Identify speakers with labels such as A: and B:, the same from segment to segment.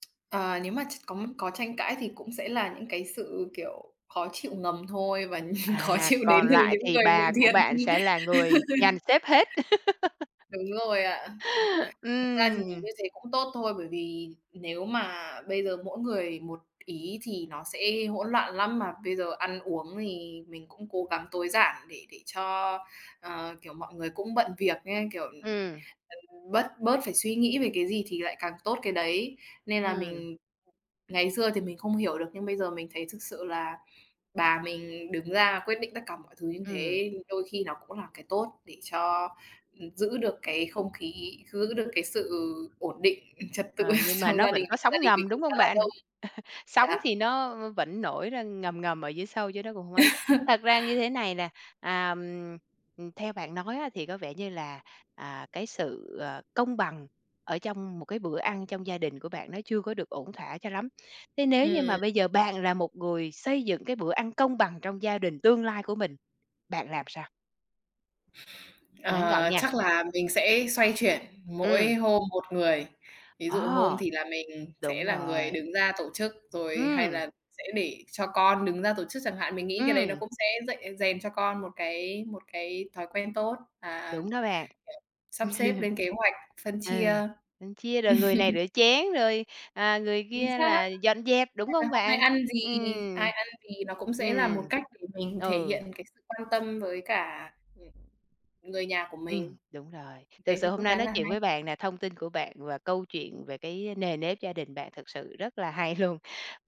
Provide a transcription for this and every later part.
A: Ờ, nếu mà tr có có tranh cãi thì cũng sẽ là những cái sự, kiểu, khó chịu ngầm thôi và khó
B: À,
A: chịu đến
B: còn
A: từ
B: lại
A: những
B: thì
A: người bị
B: bà của
A: thiệt.
B: bạn sẽ là người dàn xếp hết.
A: Đúng rồi ạ. Ừm, thực ra thì
B: Ừm.
A: như thế cũng tốt thôi, bởi vì nếu mà bây giờ mỗi người một ý thì nó sẽ hỗn loạn lắm, mà bây giờ ăn uống thì mình cũng cố gắng tối giản để để cho ờ, kiểu, mọi người cũng bận việc á, kiểu, ừm,
B: Ừm.
A: ừm, bớt bớt phải suy nghĩ về cái gì thì lại càng tốt cái đấy. Nên là
B: Ừm.
A: mình ngày xưa thì mình không hiểu được, nhưng bây giờ mình thấy thực sự là bà mình đứng ra quyết định tất cả mọi thứ như
B: Ừm.
A: thế, đôi khi nó cũng là cái tốt, để cho, ừm, giữ được cái không khí, giữ được cái sự ổn định trật tự
B: Ờ, nhưng mà
A: trong
B: nó
A: gia
B: vẫn
A: đình,
B: có
A: gia
B: sóng
A: đình mình
B: ngầm, đúng
A: cũng khá
B: hông
A: là
B: bạn?
A: đông.
B: Sóng
A: Đó.
B: thì nó v vẫn nổi ra ngầm ngầm ở dưới sâu, chứ nó cũng không ấy. Thật ra như thế này nè, à, ừm, theo bạn nói á, thì có vẻ như là, à, cái sự, ờ, công bằng ở trong một cái bữa ăn trong gia đình của bạn nó chưa có được ổn thỏa cho lắm. Thế nếu như mà
A: Ừm.
B: bây giờ bạn là một người xây dựng cái bữa ăn công bằng trong gia đình tương lai của mình, bạn làm sao? Ngắn gọn
A: Ờ,
B: nha.
A: chắc là mình sẽ xoay chuyển
B: Ừm.
A: mỗi hôm một người. Ví dụ hôm
B: Ờ.
A: thì là mình sẽ
B: Đúng
A: là người
B: rồi.
A: đứng ra tổ chức rồi, hay
B: Ừm.
A: là sẽ để cho con đứng ra tổ chức chẳng hạn. Mình nghĩ cái đấy nó
B: Ừm.
A: cũng sẽ dạy rèn cho con một cái một cái thói quen tốt và
B: Đúng đó bạn.
A: sắp xếp, lên kế hoạch, phân chia.
B: Ừ, mình chia rồi người này rửa chén, rồi, à, người
A: Chính
B: kia
A: xác!
B: là dọn dẹp, đúng
A: Hay là
B: không
A: hôm nay
B: bạn?
A: ăn gì,
B: Ừm.
A: ai ăn gì nó cũng sẽ là
B: Ừm,
A: một cách để mình thể
B: ừ.
A: hiện cái sự quan tâm với cả, ừm, người nhà của
B: Ừm,
A: mình.
B: đúng rồi. Thực
A: Thế thì
B: sự hôm
A: cũng
B: nay
A: khá
B: nói
A: là
B: chuyện
A: hay.
B: với bạn nè, thông tin của bạn và câu chuyện về cái nề nếp gia đình bạn thực sự rất là hay luôn.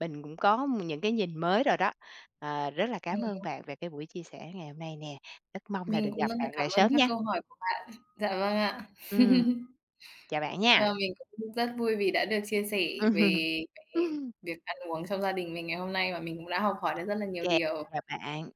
B: Mình cũng có những cái nhìn mới rồi đó. Ờ, rất là cám ơn
A: Ừm.
B: bạn về cái buổi chia sẻ ngày hôm nay nè, rất mong là
A: Mình
B: được
A: cũng
B: gặp
A: rất là
B: bạn
A: cảm
B: lại
A: ơn
B: sớm
A: các
B: nha.
A: câu hỏi của bạn. Dạ vâng ạ.
B: Ừm, chào bạn nha.
A: Vâng, mình cũng rất vui vì đã được chia sẻ về
B: Ừm.
A: cái việc ăn uống trong gia đình mình ngày hôm nay, và mình cũng đã học hỏi được rất là nhiều
B: Kê,
A: điều.
B: chào bạn.